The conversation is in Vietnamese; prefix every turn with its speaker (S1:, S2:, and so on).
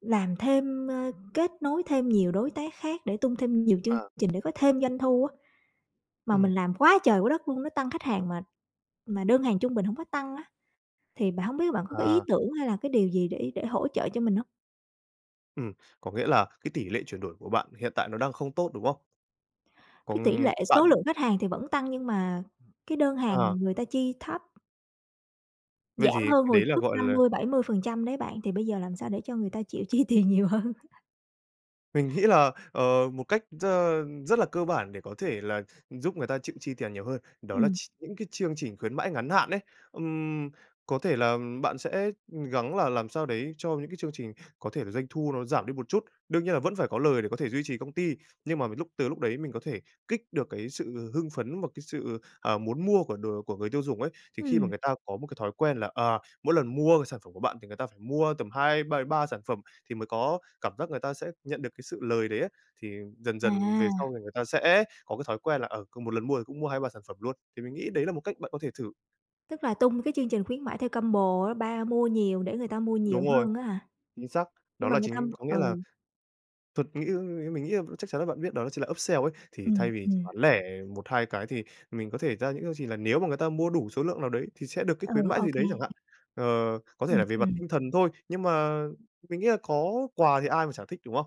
S1: Làm thêm, ơ, kết nối thêm nhiều đối tác khác để tung thêm nhiều chương
S2: À.
S1: trình để có thêm doanh thu á. Mà
S2: Ừm.
S1: mình làm quá trời quá đất luôn, nó tăng khách hàng mà mà đơn hàng trung bình hổng có tăng á. Thì bạn hổng biết bạn có cái ý
S2: Ờ.
S1: tưởng hay là cái điều gì để để hỗ trợ cho mình hông?
S2: Ừm, có nghĩa là cái tỷ lệ chuyển đổi của bạn hiện tại nó đang không tốt, đúng không?
S1: Cái tỉ
S2: Còn
S1: lệ
S2: bạn
S1: số lượng khách hàng thì vẫn tăng nhưng mà cái đơn
S2: Ờ.
S1: hàng người ta chi thấp.
S2: Vậy
S1: Giảm
S2: thì
S1: hơn
S2: cái
S1: hồi
S2: đấy là,
S1: trước
S2: gọi
S1: năm
S2: là
S1: mươi bảy mươi phần trăm đấy bạn. Thì bây giờ làm sao để cho người ta chịu chi tiền nhiều hơn?
S2: Mình nghĩ là, ờ, một cách r rất là cơ bản để có thể là giúp người ta chịu chi tiền nhiều hơn đó là
S1: Ừm.
S2: ch những cái chương trình khuyến mãi ngắn hạn ấy. Ừm, có thể là bạn sẽ gắng là làm sao đấy cho những cái chương trình có thể là doanh thu nó giảm đi một chút, đương nhiên là vẫn phải có lời để có thể duy trì công ty, nhưng mà mà lúc từ lúc đấy mình có thể kích được cái sự hưng phấn, một cái sự, ờ, muốn mua của đồ của người tiêu dùng ấy. Thì khi mà
S1: Ừm.
S2: người ta có một cái thói quen là, à, mỗi lần mua sản phẩm của bạn thì người ta phải mua tầm hai, b ba sản phẩm thì mới có cảm giác người ta sẽ nhận được cái sự lời đấy ấy. Thì dần dần về
S1: À.
S2: sau thì người ta sẽ có cái thói quen là, ừ, cùng một lần mua thì cũng mua 2-3 sản phẩm luôn. Thì mình nghĩ đấy là một cách bạn có thể thử.
S1: Tức là tung cái chương trình khuyến mãi theo combo á, ba mua nhiều để người ta mua nhiều
S2: Đúng rồi.
S1: hơn á hả?
S2: Chính xác. Đó
S1: Nhưng mà
S2: là
S1: người
S2: chính
S1: tăm
S2: có
S1: ừ.
S2: nghĩa là thuật nghĩ mình nghĩ chắc chắn là bạn biết, đó chính là upsell ấy. Thì
S1: Ừm,
S2: thay vì chỉ
S1: ừm.
S2: bán lẻ 1-2 cái thì mình có thể ra những cái gì là nếu mà người ta mua đủ số lượng nào đấy, thì sẽ được cái
S1: Ừ.
S2: khuyến mãi
S1: Ô
S2: gì đấy chẳng
S1: kê.
S2: hạn. Ờ, có thể
S1: Ừm,
S2: là về mặt
S1: ừm.
S2: tinh thần thôi, nhưng mà mình nghĩ là có quà thì ai mà chẳng thích, đúng không?